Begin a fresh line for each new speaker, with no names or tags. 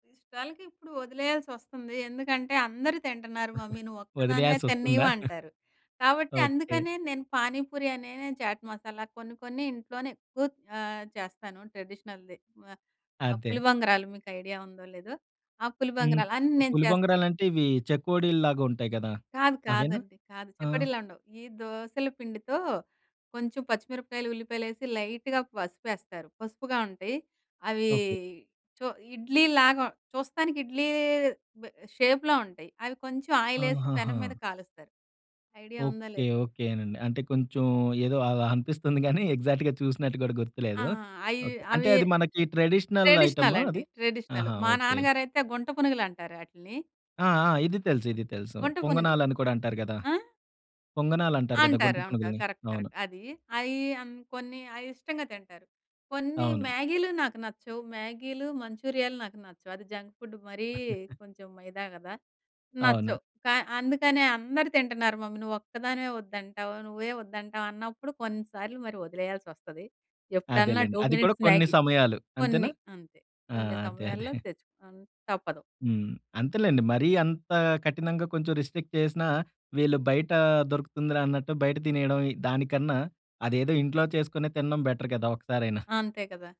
ఇష్టాలకిప్పుడు ఒదిలేయాల్సొస్తుంది. ఎందుకంటే "అందరూ తింటున్నారు మమ్మీ నువ్వొక్కదానివే
ఒదిలేయాల్సొస్తుందా?
తిన్నీయవు" అంటారు. కాబట్టి
ఓకే.
అందుకనే నేను పానీపూరి అనే, చాట్ మసాలా కొన్ని కొన్ని ఇంట్లోనే ఎక్కువ ఆహ్, చేస్తాను ట్రెడిషనల్‌ది. ఆహ్, ఆ
అదే.
పులి బంగరాలు మీకు ఐడియా ఉందో లేదో. ఆ! పులి
హ్మ్.
బంగరాలు అన్నీ నేను
పులి
చేస్తాను.
బొంగరాలంటే ఇవి చెకోడీలలాగా ఉంటాయి గదా!
కాదు.
అవేనా?
కాదండి. కాదు
ఆ!
చకోడిల్ల ఉండవు. ఈ దోసల పిండితో కొంచెం పచ్చిమిరపకాయలు, ఉల్లిపాయలేసి లైట్‌గా పసుపేస్తారు. పసుపుగా ఉంటయి. అవి
ఓకే.
చో ఇడ్లీ లాగా చూస్తానికి ఇడ్లీ బ్ షేప్‌లో ఉంటాయి. అవి కొంచెం ఆయిలేసి పెనం
ఆహాహా!
మీద కాలుస్తారు. ఐడియా ఉందో
ఓకే.
లేదో.
ఓకే నండి. అంటే కొంచెం ఏదో అలా అనిపిస్తుంది గానీ ఎగ్జాక్ట్‌గా చూసినట్టు గూడా
ఆ!
గుర్తులేదు.
అయి
ఓకే. అంటే
అవి
అది మనకి ట్రెడిషనల్
ట్రెడిషనల్
ఐటమా
అండి.
అది?
ట్రెడిషనల్.
ఆహా!
మా
ఓకే.
నాన్నగారైతే గుంట పునుగులు అంటారు ఆటిలిని.
ఆ! ఆ! ఇది తెలుసు. ఇది తెలుసు.
గంట పునుగులు.
పొంగనాలని కూడా అంటారు గదా!
ఆ!
పొంగనాలంటారు గదా! గుంట
అంటారు. అంటారు.
పునుగులిని.
కరెక్ట్.
అవును.
కరెక్ట్. అది. అయి అన్ కొన్ని అయి ఇష్టంగా తింటారు. కొన్ని
అవును.
మ్యాగీలు నాకు నచ్చవు. మ్యాగీలు, మంచూరియాలు నాకు నచ్చవు. అది జంక్ ఫుడ్ మరీ కొంచెం మైదా గదా!
అవును.
నచ్చవు. కా అందుకనే "అందరూ తింటున్నారు మమ్మీ, నువ్వొక్కదానివే వద్దంటావు. నువ్వే వద్దంటావు" అన్నప్పుడు కొన్నిసార్లు మరి ఒదిలేయాల్సొస్తది. ఎప్పుడన్నా
అదేలెండి.
2
అది కూడా
మినిట్స్
కొన్ని
మ్యాగీ.
సమయాలు అంతేనా?
కొన్ని అంతే.
ఆ!
కొన్ని
అదే. అదే.
సమయాల్లో తెచ్చుకున్ తప్పదు.
హ్మ్. అంతేలెండి. మరీ అంత కఠినంగా కొంచెం రిస్ట్రిక్ట్ చేసినా వీళ్ళు బయట దొరుకుతుందిరా! అన్నట్టు బయట తినేయడం. ఈ దానికన్నా అదేదో ఇంట్లో చేసుకొని తినడం బెటర్ కదా! ఒకసారైనా.
అంతే కదా!